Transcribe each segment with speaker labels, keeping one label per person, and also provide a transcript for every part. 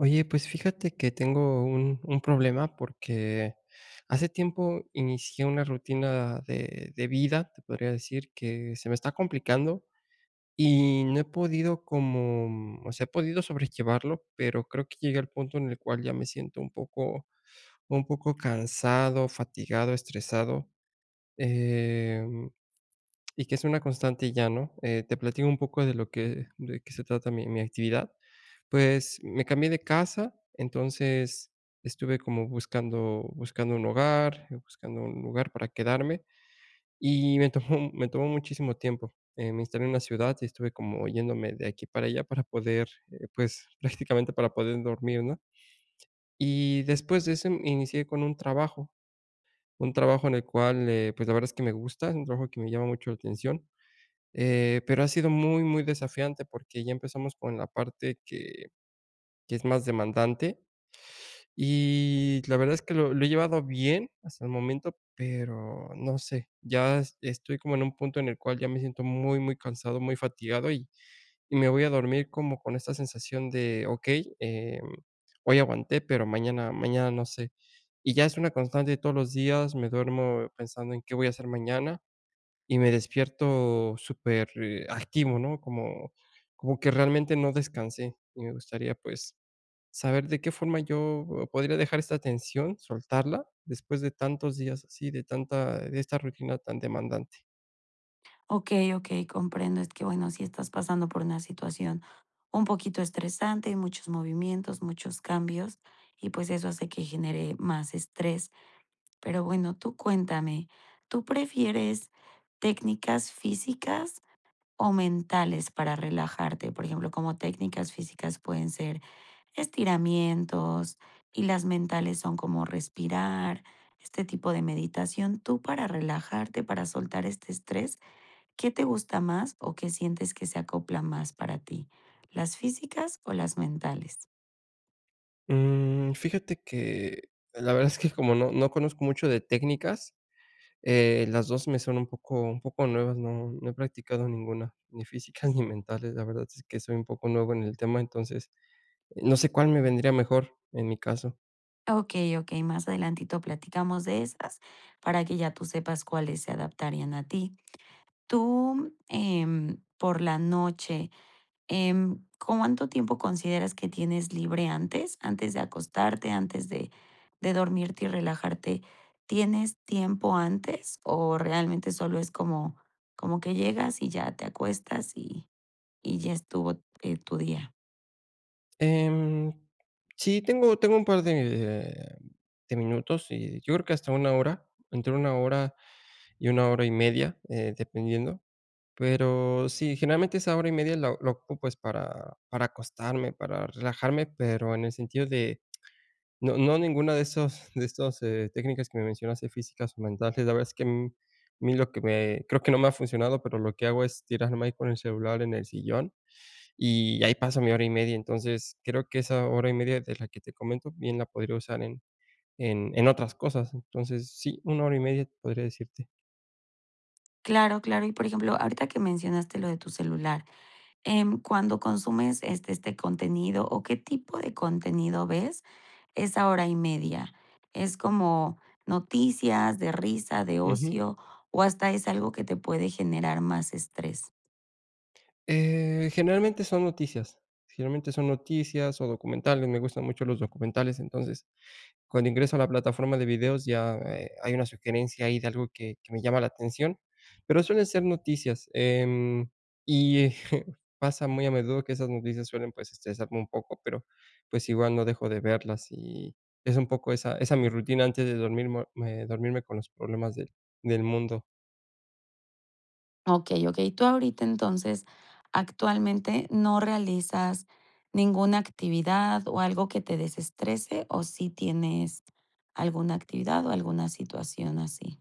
Speaker 1: Oye, pues, fíjate que tengo un un problema, porque hace tiempo inicié una rutina de de vida, te podría decir que se me está complicando, y no he podido como, mm, o sea, he podido sobrellevarlo, pero creo que llegué al punto en el cual ya me siento un poco un poco cansado, fatigado, estresado, eh, mm, y que es una constante ya, ¿no?, eh, te platico un poco de lo que de qué se trata mi mi actividad. Pues, me cambié de casa, entonces estuve como buscando buscando un hogar, buscando un lugar para quedarme. Y me tomó me tomó muchísimo tiempo, eh, me instalé en una ciudad y estuve como yéndome de aquí para allá para poder, eh, pues, prácticamente para poder dormir, ¿no? Y después de ese inicié con un trabajo un trabajo en el cual, eh, pues, la verdad es que me gusta, un trabajo que me llama mucho la atención, eh, pero ha sido muy muy desafiante porque ya empezamos con la parte que que es más demandante y la verdad es que lo lo he llevado bien hasta el momento, pero no sé. Ya es estoy como en un punto en el cual ya me siento muy, muy cansado, muy fatigado, y y me voy a dormir como con esta sensación de: "Okey, eh, mm, hoy aguanté, pero mañana mañana no sé". Y ya es una constante de todos los días, me duermo pensando en qué voy a hacer mañana y me despierto súper, eh, activo, ¿no? Como como que realmente no descansé. Y me gustaría, pues, saber de qué forma yo podría dejar esta tensión, soltarla, después de tantos días así, de tanta eh, de esta rutina tan demandante.
Speaker 2: Okey, okey, comprendo. Es que, bueno, si estás pasando por una situación un poquito estresante, muchos movimientos, muchos cambios y, pues, eso hace que genere más estrés, pero bueno, tú cuéntame, ¿tú prefieres técnicas físicas o mentales para relajarte?, por ejemplo, como técnicas físicas pueden ser estiramientos y las mentales son como respirar, este tipo de meditación. Tú para relajarte, para soltar este estrés, ¿qué te gusta más o qué sientes que se acopla más para ti? ¿Las físicas o las mentales?
Speaker 1: Mm, fíjate que, la verdad es que como no no conozco mucho de técnicas, eh, las 2 me son un poco un poco nuevas, no no he practicado ninguna, ni física ni mentales. La verdad es que soy un poco nuevo en el tema, entonces, no sé cuál me vendría mejor en mi caso.
Speaker 2: Okey, okey, más adelantito platicamos de estas para que ya tú sepas cuáles se adaptarían a ti. Tú, em, por la noche, em, ¿cuánto tiempo consideras que tienes libre antes?, antes de acostarte, antes de dormirte y relajarte, ¿tienes tiempo antes o realmente solo es como como que llegas y ya te acuestas y y ya estuvo, eh, tu día?
Speaker 1: Em, sí, tengo tengo un par de, mm, de minutos y yo creo que hasta 1 hora, entre 1 hora y 1 hora y media, eh, dependiendo, pero sí, generalmente esa hora y media la la ocupo es para para acostarme, para relajarme. Pero, en el sentido de no no ninguna de esos de esos, eh, técnicas que me mencionaste, físicas o mentales, la verdad es que, mm, mí lo que me creo que no me ha funcionado, pero lo que hago es tirarme ahí con el celular en el sillón, y ahí paso mi hora y media. Entonces, creo que esa hora y media es la que te comento, bien la podría usar en en en otras cosas. Entonces, sí, 1 hora y media te podría decirte.
Speaker 2: Claro, claro, y por ejemplo ahorita que mencionaste lo de tu celular, em, cuando consumes este este contenido o qué tipo de contenido ves esa hora y media, ¿es como noticias de risa, de
Speaker 1: Ujú.
Speaker 2: ocio o hasta es algo que te puede generar más estrés?
Speaker 1: Eh, generalmente son noticias, generalmente son noticias o documentales, me gustan mucho los documentales. Entonces, cuando ingreso a la plataforma de videos ya, eh, hay una sugerencia ahí de algo que que me llama la atención, pero suelen ser noticias, em, y e pasa muy a menudo que esas noticias suelen pues estresarme un poco, pero, pues, igual no dejo de verlas y es un poco esa esa mi rutina antes de dormirmo me dormirme con los problemas del del mundo.
Speaker 2: Okey, okey. Tú ahorita entonces actualmente, ¿no realizas ninguna actividad o algo que te desestrese, o sí tienes alguna actividad o alguna situación así?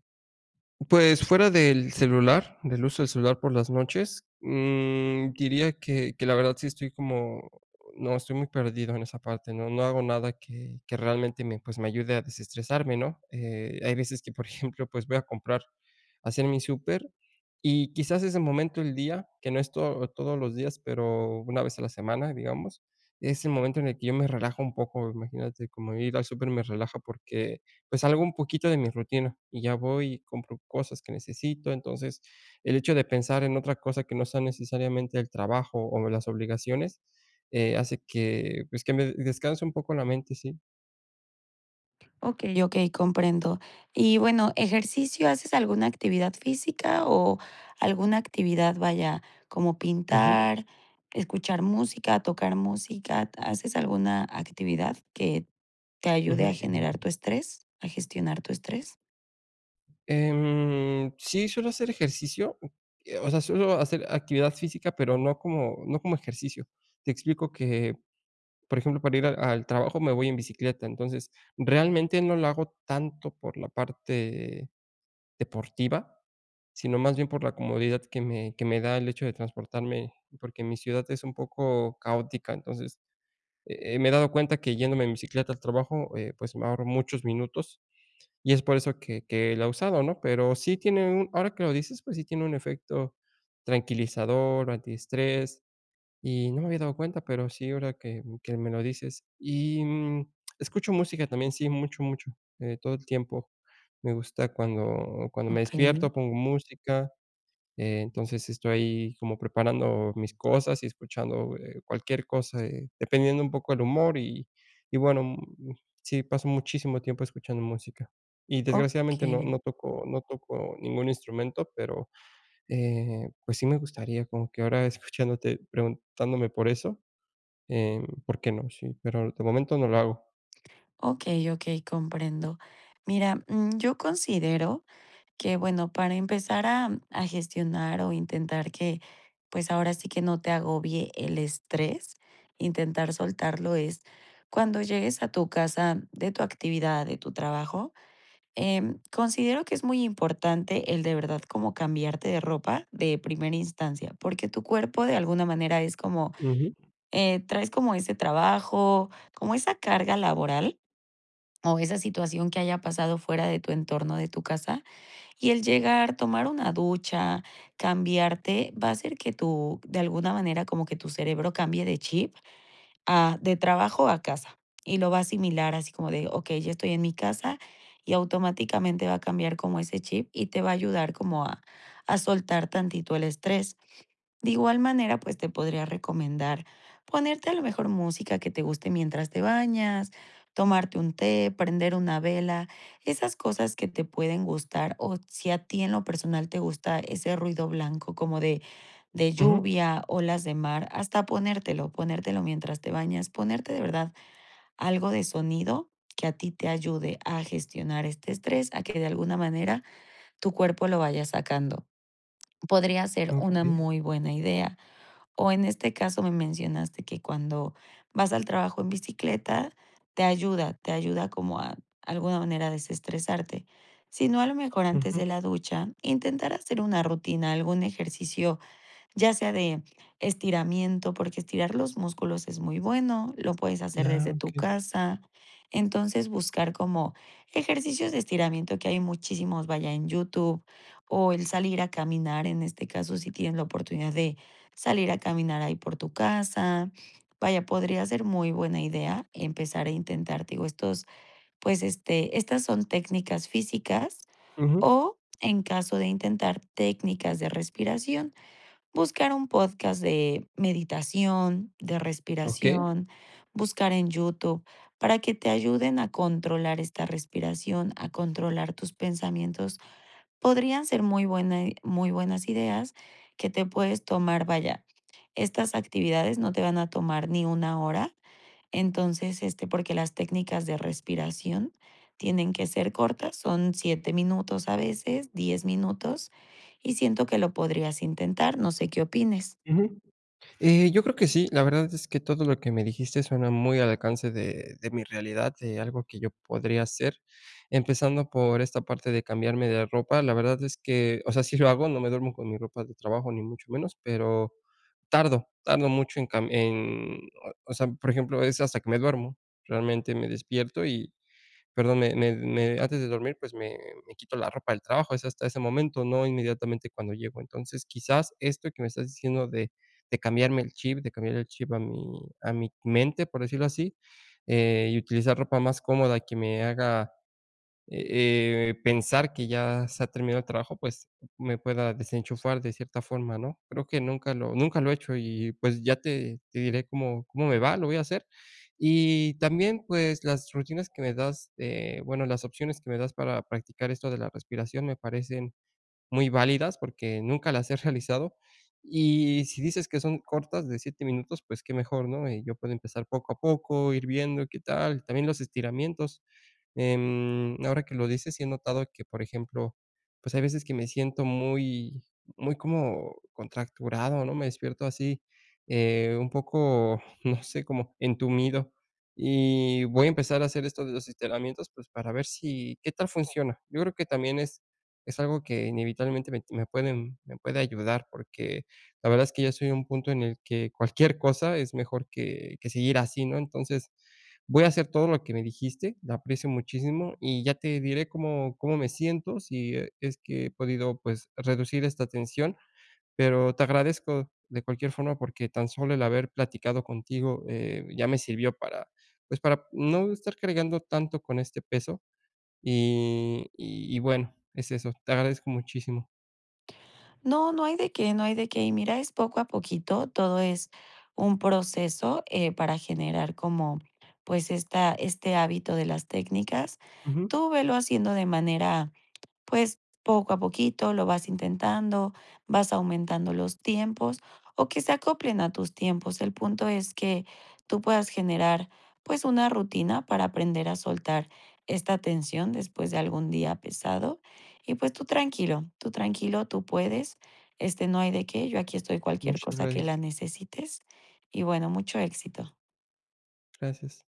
Speaker 1: Pues fuera del celular, del uso del celular por las noches, mm diría que que la verdad sí estoy como, no, estoy muy perdido en esa parte. No, no hago nada que que realmente me, pues me ayude a desestresarme, ¿no? Eh, hay veces que por ejemplo, pues voy a comprar, hacer mi súper y quizás ese momento el día, que no es todo todos los días, pero una vez a la semana, digamos, es el momento en el que yo me relajo un poco, imagínate, como ir al súper me relaja porque pues salgo un poquito de mi rutina y ya voy y compro cosas que necesito. Entonces el hecho de pensar en otra cosa que no sea necesariamente el trabajo o las obligaciones, eh, hace que, pues que me descanse un poco la mente, sí.
Speaker 2: Okey, okey, comprendo. Y bueno, ejercicio, ¿haces alguna actividad física o alguna actividad?, vaya, como
Speaker 1: Ujú.
Speaker 2: pintar, escuchar música, tocar música, ¿haces alguna actividad que te ayude
Speaker 1: Ujú.
Speaker 2: a generar tu estrés, a gestionar tu estrés?
Speaker 1: Em, sí, suelo hacer ejercicio, uh, eh, o sea, suelo hacer actividad física, pero no como no como ejercicio. Te explico que, por ejemplo, para ir al al trabajo me voy en bicicleta, entonces, realmente no lo hago tanto por la parte deportiva, sino más bien por la comodidad que me que me da el hecho de transportarme, porque mi ciudad es un poco caótica. Entonces, eh, eh, me he dado cuenta que yéndome en bicicleta al trabajo, eh, pues, ahorro muchos minutos y es por eso que que la he usado, ¿no?, pero sí tiene un ahora que lo dices, pues, sí tiene un efecto tranquilizador, antiestrés y no me había dado cuenta, pero sí ahora que que me lo dices, y, mm, escucho música también, sí, mucho, mucho, eh, todo el tiempo me gusta cuando cuando me
Speaker 2: Okey.
Speaker 1: despierto pongo música, eh, entonces, estoy como preparando mis cosas y escuchando, eh, cualquier cosa, eh, dependiendo un poco el humor y y bueno, mm, sí, pasó muchísimo tiempo escuchando música. Y desgraciadamente, no
Speaker 2: Okey.
Speaker 1: no toco no toco ningún instrumento, pero, eh, pues, sí me gustaría como que ahora escuchándote, preguntándome por eso, eh, ¿por qué no?, sí, pero de momento no lo hago.
Speaker 2: Okey, okey, comprendo. Mira, mm, yo considero que bueno para empezar a a gestionar o intentar que, pues ahora sí que no te agobie el estrés, intentar soltarlo es cuando llegues a tu casa de tu actividad, de tu trabajo, eh, considero que es muy importante el de verdad como cambiarte de ropa de primera instancia, porque tu cuerpo de alguna manera es como,
Speaker 1: Ujú.
Speaker 2: eh, traes como ese trabajo, como esa carga laboral, o esa situación que haya pasado fuera de tu entorno, de tu casa y el llegar, tomar una ducha, cambiarte, va a hacer que tu de alguna manera, como que tu cerebro cambie de chip, a de trabajo a casa, y lo va a asimilar así como de: "Okey, ya estoy en mi casa", y automáticamente va a cambiar como ese chip y te va a ayudar como a a soltar tantito el estrés. De igual manera, pues te podría recomendar ponerte a lo mejor música que te guste mientras te bañas, tomarte un té, prender una vela, esas cosas que te pueden gustar, o si a ti en lo personal te gusta ese ruido blanco como de de
Speaker 1: Ujú.
Speaker 2: lluvia, olas de mar, hasta ponértelo, ponértelo mientras te bañas, ponerte de verdad algo de sonido que a ti te ayude a gestionar este estrés, a que de alguna manera tu cuerpo lo vaya sacando, podría ser una
Speaker 1: Okey.
Speaker 2: muy buena idea, o en este caso me mencionaste que cuando vas al trabajo en bicicleta te ayuda te ayuda como a alguna manera desestresarte, sino a lo mejor antes
Speaker 1: Ujú.
Speaker 2: de la ducha intentar hacer una rutina, algún ejercicio, ya sea de estiramiento porque estirar los músculos es muy bueno, lo puedes hacer
Speaker 1: Ah,
Speaker 2: desde tu
Speaker 1: okey.
Speaker 2: casa, entonces, buscar como ejercicios de estiramiento que hay muchísimos, vaya, en YouTube o el salir a caminar, en este caso si tienes la oportunidad de salir a caminar ahí por tu casa, vaya, podría ser muy buena idea empezar a intentar, digo, estos, pues, este, estas son técnicas físicas
Speaker 1: Ujú.
Speaker 2: o, en caso de intentar técnicas de respiración, buscar un podcast de meditación, de
Speaker 1: Okey.
Speaker 2: respiración, buscar en YouTube para que te ayuden a controlar esta respiración, a controlar tus pensamientos, podrían ser muy buena i muy buenas ideas que te puedes tomar, vaya, estas actividades no te van a tomar ni 1 hora, entonces, este, porque las técnicas de respiración tienen que ser cortas, son 7 minutos a veces, 10 minutos y siento que lo podrías intentar, no sé qué opines.
Speaker 1: Ujú. Eh, yo creo que sí. La verdad es que todo lo que me dijiste suena muy al alcance de de mi realidad, de algo que yo podría hacer. Empezando por esta parte de cambiarme de ropa, la verdad es que, o sea, sí lo hago, no me duermo con mi ropa de trabajo ni mucho menos, pero tardo, tardo mucho en cam en o o sea, por ejemplo, es hasta que me duermo. Realmente me despierto y, perdón, me me me antes de dormir, pues, me me quito la ropa del trabajo, es hasta ese momento, no inmediatamente cuando llego. Entonces, quizás esto que me estás diciendo de de cambiarme el chip, de cambiar el chip a mi a mi mente, por decirlo así, eh, y utilizar ropa más cómoda que me haga, eh eh, pensar que ya se ha terminado el trabajo, pues, me pueda desenchufar de cierta forma, ¿no?, creo que nunca lo nunca lo he hecho y pues, ya te te diré cómo cómo me va, lo voy a hacer. Y también, pues las rutinas que me das, eh, bueno, las opciones que me das para practicar esto de la respiración me parecen muy válidas porque nunca las he realizado. Y si dices que son cortas de 7 minutos, pues qué mejor, ¿no?, y yo puedo empezar poco a poco, ir viendo y qué tal. También los estiramientos. Em, ahora que lo dices, sí he notado que, por ejemplo, pues hay veces que me siento muy, muy como contracturado, ¿no?, me despierto así, eh, un poco, no sé, como entumido. Y voy a empezar a hacer esto de los estiramientos, pues para ver si, qué tal funciona. Yo creo que también es es algo que inevitablemente me me pueden me puede ayudar, porque la verdad es que ya estoy en un punto en el que cualquier cosa es mejor que que seguir así, ¿no?, entonces, voy a hacer todo lo que me dijiste. La aprecio muchísimo y ya te diré cómo cómo me siento, si e es que he podido, pues, reducir esta tensión. Pero te agradezco de cualquier forma, porque tan solo el haber platicado contigo, eh, ya me sirvió para, pues, para no estar cargando tanto con este peso. Y y bueno, es eso. Te agradezco muchísimo.
Speaker 2: No, no hay de qué, no hay de qué. Mira, es poco a poquito, todo es un proceso, eh, para generar como pues esta este hábito de las técnicas,
Speaker 1: Ujú.
Speaker 2: tú velo haciendo de manera pues poco a poquito, lo vas intentando, vas aumentando los tiempos o que se acoplen a tus tiempos. El punto es que tú puedas generar, pues, una rutina para aprender a soltar esta tensión después de algún día pesado y pues, tú tranquilo, tú tranquilo, tú puedes, este, no hay de qué, yo aquí estoy cualquier
Speaker 1: Muchas
Speaker 2: cosa que
Speaker 1: gracias.
Speaker 2: la necesites y bueno, mucho éxito.
Speaker 1: Gracias.